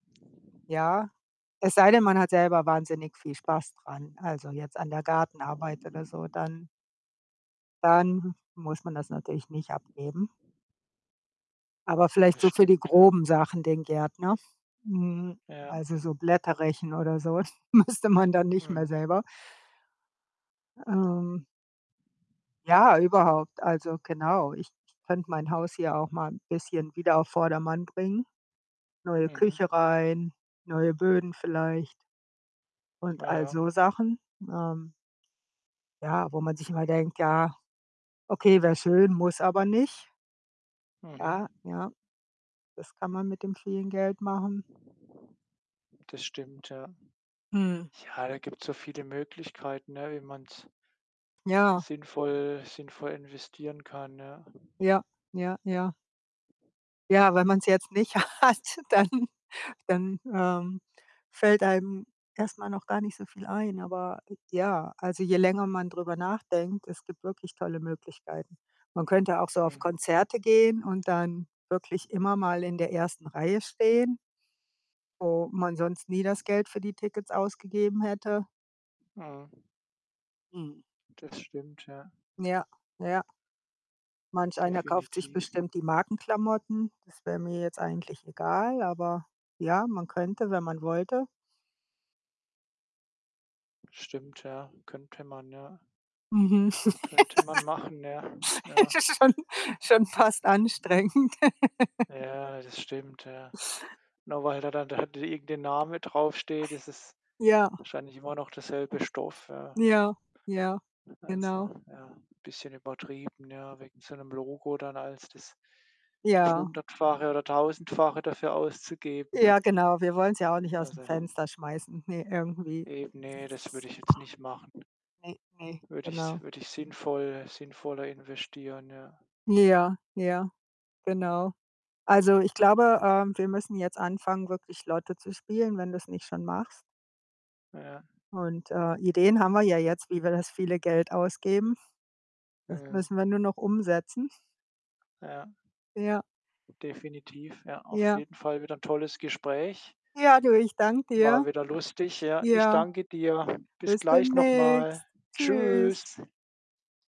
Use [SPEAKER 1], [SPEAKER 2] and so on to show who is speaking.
[SPEAKER 1] Ja, es sei denn, man hat selber wahnsinnig viel Spaß dran, also, jetzt an der Gartenarbeit oder so. Dann dann muss man das natürlich nicht abgeben. Aber vielleicht
[SPEAKER 2] Das
[SPEAKER 1] so für die
[SPEAKER 2] stimmt, ja.
[SPEAKER 1] groben Sachen den Gärtner. Mhm.
[SPEAKER 2] Ja.
[SPEAKER 1] Also, so Blätter rechen oder so müsste man da nicht mehr
[SPEAKER 2] Mhm.
[SPEAKER 1] selber. Ähm Ja, überhaupt. Also, genau. Ich k könnte mein Haus hier auch mal 'n bisschen wieder auf Vordermann bringen. Neue
[SPEAKER 2] Mhm.
[SPEAKER 1] Küche rein, neue Böden vielleicht
[SPEAKER 2] Ja,
[SPEAKER 1] und all
[SPEAKER 2] ja.
[SPEAKER 1] so Sachen. Ähm Ja, wo man sich immer denkt: „Ja, okay, wäre schön, muss aber nicht.“
[SPEAKER 2] Mhm.
[SPEAKER 1] Ja. Ja. Das kann man mit dem vielen Geld machen.
[SPEAKER 2] Das stimmt, ja.
[SPEAKER 1] Mhm.
[SPEAKER 2] Ja, da gibt's so viele Möglichkeiten, ne, wie man's
[SPEAKER 1] Ja.
[SPEAKER 2] sinnvoll sinnvoll investieren kann, ne?
[SPEAKER 1] Ja. Ja. Ja. Ja, wenn man's jetzt nicht hat, dann dann, ähm, fällt einem erst mal noch gar nicht so viel ein. Aber j ja, also, je länger man drüber nachdenkt, es gibt wirklich tolle Möglichkeiten. Man könnte auch so auf
[SPEAKER 2] Mhm.
[SPEAKER 1] Konzerte gehen und dann wirklich immer mal in der ersten Reihe stehen wo man sonst nie das Geld für die Tickets ausgegeben hätte.
[SPEAKER 2] Mhm.
[SPEAKER 1] Mhm.
[SPEAKER 2] Das stimmt, ja,
[SPEAKER 1] Ja. Ja. Manch einer kauft sich
[SPEAKER 2] Definitiv.
[SPEAKER 1] bestimmt die Markenklamotten. Das wäre mir jetzt eigentlich egal, aber ja, man könnte, wenn man wollte.
[SPEAKER 2] Stimmt, ja. Könnte man, ja.
[SPEAKER 1] Mhm.
[SPEAKER 2] Könnte man machen. Ja. Ja.
[SPEAKER 1] Schon schon fast anstrengend.
[SPEAKER 2] Ja, das stimmt, ja. Nur weil da dann da irgend 'n Name draufsteht, ist es
[SPEAKER 1] Ja.
[SPEAKER 2] wahrscheinlich immer noch derselbe Stoff, ja.
[SPEAKER 1] Ja, ja,
[SPEAKER 2] Also,
[SPEAKER 1] genau.
[SPEAKER 2] ja, bisschen übertrieben, ja, wegen so 'nem Logo dann als das das
[SPEAKER 1] Ja.
[SPEAKER 2] Hundertfache oder Tausendfache dafür auszugeben.
[SPEAKER 1] Ja, genau. Wir wollen's ja auch nicht ausm
[SPEAKER 2] Also
[SPEAKER 1] Fenster schmeißen. Ne, irgendwie
[SPEAKER 2] Eben, ne, das würde ich jetzt nicht machen.
[SPEAKER 1] ne, ne,
[SPEAKER 2] Würde ich s
[SPEAKER 1] genau.
[SPEAKER 2] würde ich sinnvoll sinnvoller investieren, ja.
[SPEAKER 1] Ja, ja, genau. Also, ich glaube, ähm, wir müssen jetzt anfangen, wirklich Lotto zu spielen, wenn du's nicht schon machst.
[SPEAKER 2] Ja.
[SPEAKER 1] Und, äh, Ideen haben wir ja jetzt, wie wir das viele Geld ausgeben. Das
[SPEAKER 2] Mhm.
[SPEAKER 1] müssen wir nur noch umsetzen.
[SPEAKER 2] Ja.
[SPEAKER 1] Ja.
[SPEAKER 2] Definitiv, ja. Auf
[SPEAKER 1] Ja.
[SPEAKER 2] jeden Fall wieder 'n tolles Gespräch.
[SPEAKER 1] Ja, du, ich danke dir.
[SPEAKER 2] War wieder lustig, ja. Ich
[SPEAKER 1] Ja.
[SPEAKER 2] danke dir. Bis
[SPEAKER 1] Bis
[SPEAKER 2] gleich noch
[SPEAKER 1] demnächst.
[SPEAKER 2] mal.
[SPEAKER 1] Tschüs.
[SPEAKER 2] Tschüs.